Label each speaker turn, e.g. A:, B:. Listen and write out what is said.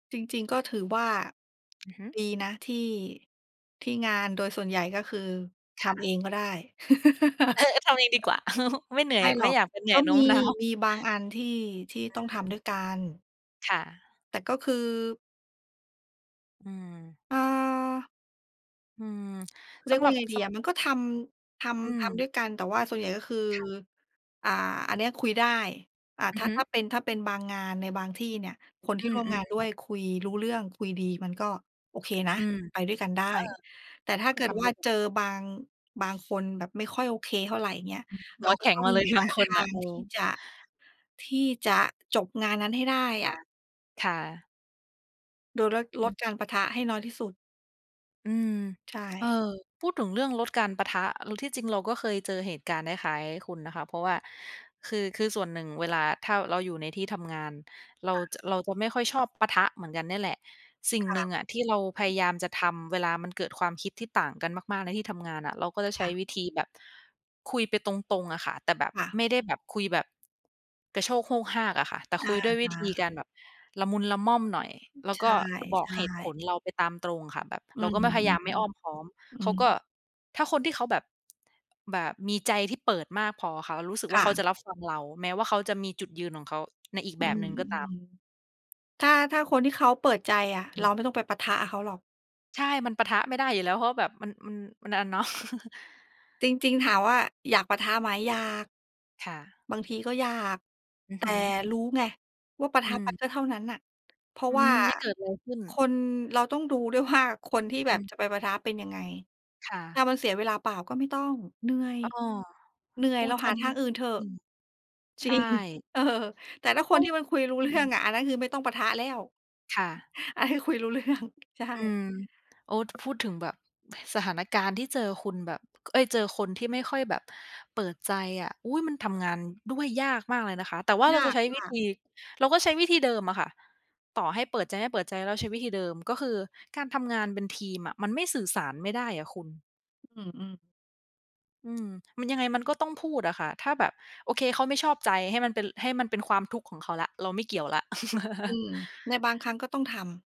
A: จริง ๆ ก็ถือว่า
B: อือฮึ
A: ดีนะที่ ที่งานโดยส่วนใหญ่ก็คือท
B: ค่
A: ำเอ
B: ะ
A: งก็ได้
B: เออ ๆ ทำเองดีกว่า ไม่เหนื่
A: ไ
B: อ
A: ม
B: ย
A: ่หร
B: ไม
A: อ
B: ่
A: ก
B: อยากจะเหนื่
A: ก็
B: อยโน
A: ม
B: ้
A: ี
B: มน้าว
A: มีบางอันที่ ที่ต้องท
B: อือ
A: ำด้วยกัน
B: ค่ะ
A: แต่ก็คือ
B: อืม
A: อา
B: อืม
A: เรี
B: ส
A: ย
B: ำ
A: ก
B: ห
A: ว่
B: ร
A: า
B: ั
A: ย
B: บ
A: ังไงด
B: ส
A: ีอ
B: ำ
A: ะ มันก็ทำ ท
B: อื
A: ำ ทำด
B: ม
A: ้วยกัน แต่ว่าส่วนใหญ่ก็คือ
B: ค่ะ
A: อ่า อันเนี้ยคุยได้ อา
B: อ
A: ถ
B: ื
A: ้
B: อ
A: า
B: ฮึ
A: ถ้าเป็น ถ้าเป็นบางงานในบางที่เนี่ย คน
B: อ
A: ที่
B: ื
A: ร่วมงา
B: อ
A: นด้
B: ๆ
A: วยคุยรู้เรื่อง คุยดี มันก็โอเคนะ
B: อืม
A: ไปด้วยกันได้ แต่ถ้า
B: เออ ก
A: เ
B: ็
A: กิ
B: ท
A: ดว
B: ำด
A: ่
B: ้
A: า
B: วย
A: เจอบาง บางคนแบบไม่ค่อยโอเคเท่าไร อย่างเงี้ย
B: อืม
A: เ
B: ห
A: รา
B: ัว
A: ก
B: แข
A: ็
B: ็
A: ต
B: ง
A: ้อ
B: ม
A: ง
B: าเลย
A: ห
B: บ
A: า
B: างค
A: ท
B: น
A: า
B: น่ะ
A: ง
B: เออ
A: ที่จะ ที่จะ จบงานนั้นให้ได้
B: ค
A: อ
B: ่ะ
A: ะ
B: ค่ะ
A: โดยลด
B: อ
A: ลด
B: ืม
A: การปะทะให้น้อยที่สุด
B: อืม
A: ใช
B: เออ
A: ่
B: พูดถึงเรื่องลดการปะทะ แล้วที่จริงเราก็เคยเจอเหตุการณ์คล้าย ๆ คุณนะคะ เพราะว่าคือ คือส่วนหนึ่งเวลา ถ้าเราอยู่ในที่ทำงาน เรา
A: ค่
B: จ
A: ะ
B: เราจะไม่ค่อยชอบปะทะเหมือนกันเนี่ยแหละ สิ่ง
A: ค่
B: หน
A: ะ
B: ึ่งอะที่เราพยายามจะทำเวลามันเกิดความคิดที่ต่างกันมาก ๆ ในที่ทำงานอะ เราก็จะใ
A: ค
B: ช
A: ่
B: ้
A: ะ
B: วิธีแบบคุยไปตรง ๆ อะค่ะ แต่แบบ
A: ค่ะ
B: ไม่ได้แบบคุยแบบ กระโชกโฮกฮากอะค่ะ แต่
A: อ
B: คุ
A: ะ
B: ยด้วย
A: ฮ
B: วิธีก
A: ะ
B: ารแบบละมุนละม่อมหน่อย แล้ว
A: ใช
B: ก็
A: ่
B: บอกเหตุผ
A: ๆ
B: ลเราไปตามตรงค่ะ แบบ
A: อื
B: เรา
A: ม
B: ก็ไม่ พยายามไม่อ้อมค
A: ๆ
B: ้อม
A: อื
B: เขา
A: ม
B: ก็ ถ้าคนที่เขาแบบ แบบมีใจที่เปิดมากพออะค่ะ เรารู้สึก
A: ค
B: ว่
A: ่
B: าเขาจ
A: ะ
B: ะรับฟังเรา แม้ว่าเขาจะมีจุดยืนของเขา ในอีก
A: อื
B: แบบ
A: ม
B: หนึ่งก็ตาม
A: ๆ ถ้า ถ้าคนที่เขาเปิดใจอะ
B: อ
A: เ
B: ื
A: รา
B: ม
A: ไม่ต้องไปปะทะกับเขาหรอก
B: ใช่ มันปะทะไม่ได้อยู่แล้ว เพราะแบบมัน อือ มัน อา เนาะ
A: จริง ๆ ถามว่าอยากปะทะไหม อยาก
B: ค่ะ
A: บางทีก็อยาก
B: อื
A: แ
B: อ
A: ต
B: ฮ
A: ่
B: ึ
A: รู้ไงว่าปะท
B: อื
A: ะไป
B: ม
A: ก็เท่านั้นน่ะ เพราะ
B: อื
A: ว่า
B: ม ไม่เกิดอะไรขึ้น
A: คน เราต้องดูด้วยว่าคนที่แ
B: อ
A: บ
B: ื
A: บ
B: ม
A: จะไปปะทะเป็นยังไง
B: ค่
A: ถ้
B: ะ
A: ามันเสียเวลาเปล่าก็ไม่ต้อง เหนื่อย
B: อ้อ
A: เหนื่อ
B: โ
A: ย
B: อ้
A: เรา
B: ท
A: ห
B: อ
A: า
B: ัน
A: ท
B: นี
A: า
B: ้
A: งอื่นเถอะ
B: จริง ใ
A: จ
B: ช
A: ริง
B: ่
A: เออ แต่ถ้า
B: เ
A: ค
B: ข
A: น
B: า
A: ที่มันคุยรู้
B: อ
A: เ
B: ื
A: รื่อ
B: ม
A: งอะ อันนั้นคือไม่ต้องปะทะแล้ว
B: ค่ะ
A: ไอ้ คุยรู้เรื่อง ใช่
B: อืม โอ้ ท พูดถึงแบบสถานการณ์ที่เจอคุณแบบ เอ๊ย เจอคนที่ไม่ค่อยแบบเปิดใจอะ อุ๊ย มันทำงานด้วยยากมากเลยนะคะ แต่ว่าเ
A: ย
B: รา
A: า
B: จะใช้วิธ
A: ก
B: ี
A: ๆ
B: เราก็ใช้วิธีเดิมอะค่ะ ต่อให้เปิดใจ ไม่เปิดใจ เราก็ ใช้วิธีเดิม ก็คือการทำงานเป็นทีมอะมันไม่สื่อสารไม่ได้อะคุณ
A: อือ ๆ
B: อืม มันยังไงมันก็ต้องพูดอะค่ะ ถ้าแบบ โอเค เขาไม่ชอบใจ ให้มันเป็น ให้มันเป็นความทุกข์ของเขาแล้ว เราไม่เกี่ยวแล้ว
A: อืม ในบางครั้งก็ต้องทำ